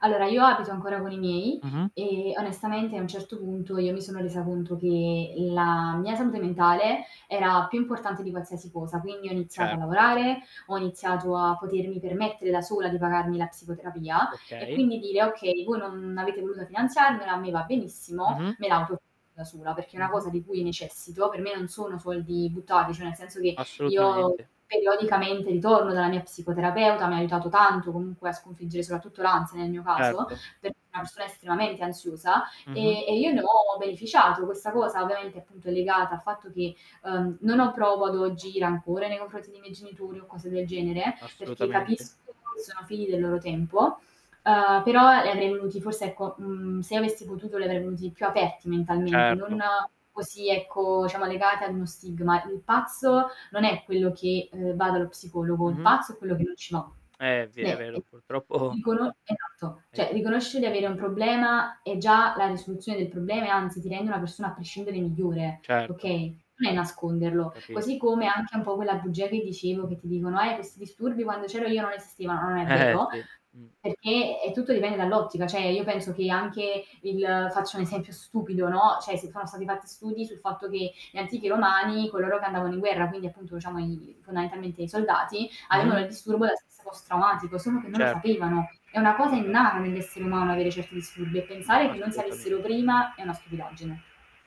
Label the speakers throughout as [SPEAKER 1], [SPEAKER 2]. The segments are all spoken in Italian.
[SPEAKER 1] Allora, io abito ancora con i miei,
[SPEAKER 2] Mh-mh.
[SPEAKER 1] e onestamente a un certo punto, io mi sono resa conto che la mia salute mentale, era più importante di qualsiasi cosa, quindi ho iniziato a
[SPEAKER 2] Certo.
[SPEAKER 1] lavorare, ho iniziato a potermi permettere da sola di pagarmi la psicoterapia, e
[SPEAKER 2] Okay.
[SPEAKER 1] quindi dire: "Okay voi non avete voluta finanziarmela, a me va benissimo,
[SPEAKER 2] Mh-mh.
[SPEAKER 1] me la autofinanzio da sola, perché è una
[SPEAKER 2] Mh-mh.
[SPEAKER 1] cosa di cui necessito". Per me non sono soldi buttarli, cioè nel senso che io
[SPEAKER 2] Assolutamente.
[SPEAKER 1] periodicamente ritorno dalla mia psicoterapeuta, mi ha aiutato tanto comunque a sconfiggere, soprattutto l'ansia nel mio caso,
[SPEAKER 2] Certo.
[SPEAKER 1] perché è una persona estremamente ansiosa
[SPEAKER 2] Mh-mh.
[SPEAKER 1] e e io ne ho beneficiato. Questa cosa ovviamente, appunto è legata al fatto che, uhm, non ho provo ad oggi rancore nei confronti dei miei genitori, o cose del genere, perché
[SPEAKER 2] Assolutamente.
[SPEAKER 1] capisco che sono figli del loro tempo, uhm, però li avrei venuti forse ecco, mhmm, se avessi potuto li avrei venuti più aperti mentalmente, non
[SPEAKER 2] Certo.
[SPEAKER 1] così ecco diciamo legati ad uno stigma. Il pazzo non è quello che, uhm, va dallo psicologo, il
[SPEAKER 2] Mh-mh.
[SPEAKER 1] pazzo è quello che non ci va.
[SPEAKER 2] Eh, è ve è
[SPEAKER 1] Beh, ehm,
[SPEAKER 2] vero, purtroppo
[SPEAKER 1] riconoscere, esatto,
[SPEAKER 2] è
[SPEAKER 1] cioè
[SPEAKER 2] così.
[SPEAKER 1] riconoscere di avere un problema, è già la risoluzione del problema e anzi ti rende una persona a prescindere migliore,
[SPEAKER 2] Certo.
[SPEAKER 1] okay, non è nasconderlo, così
[SPEAKER 2] Capisco.
[SPEAKER 1] come anche un po' quella bugia che dicevo che ti dicono: "Eh, questi disturbi quando c'ero io non esistevano". Non è
[SPEAKER 2] Eh-eh,
[SPEAKER 1] vero,
[SPEAKER 2] sì, mh.
[SPEAKER 1] perché è tutto dipende dall'ottica, cioè io penso che anche il faccio un esempio stupido, no, cioè si sono stati fatti studi sul fatto che gli antichi romani, coloro che andavano in guerra, quindi appunto diciamo i fondamentalmente i soldati avevano il
[SPEAKER 2] Mh-mh.
[SPEAKER 1] disturbo da stress post traumatico, solo che non lo
[SPEAKER 2] Cer
[SPEAKER 1] sapevano. È una cosa
[SPEAKER 2] Esa
[SPEAKER 1] innata, nell'essere umano avere certi disturbi e pensare che noi si avessero
[SPEAKER 2] Assolutamente.
[SPEAKER 1] prima è una stupidaggine.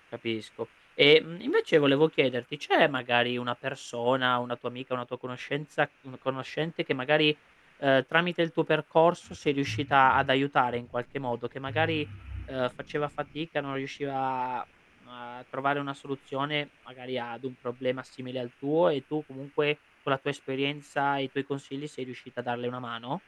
[SPEAKER 2] Capisco. Ehm, invece volevo chiederti, c'è magari una persona, una tua amica, una tua conoscenza, un conoscente che magari, ehm, tramite il tuo percorso sei riuscita ad aiutare in qualche modo? Che magari, uhm, faceva fatica, non riusciva a mhmm, a trovare una soluzione magari ad un problema simile al tuo, e tu comunque con la tua esperienza e i tuoi consigli, sei riuscita a darle una mano?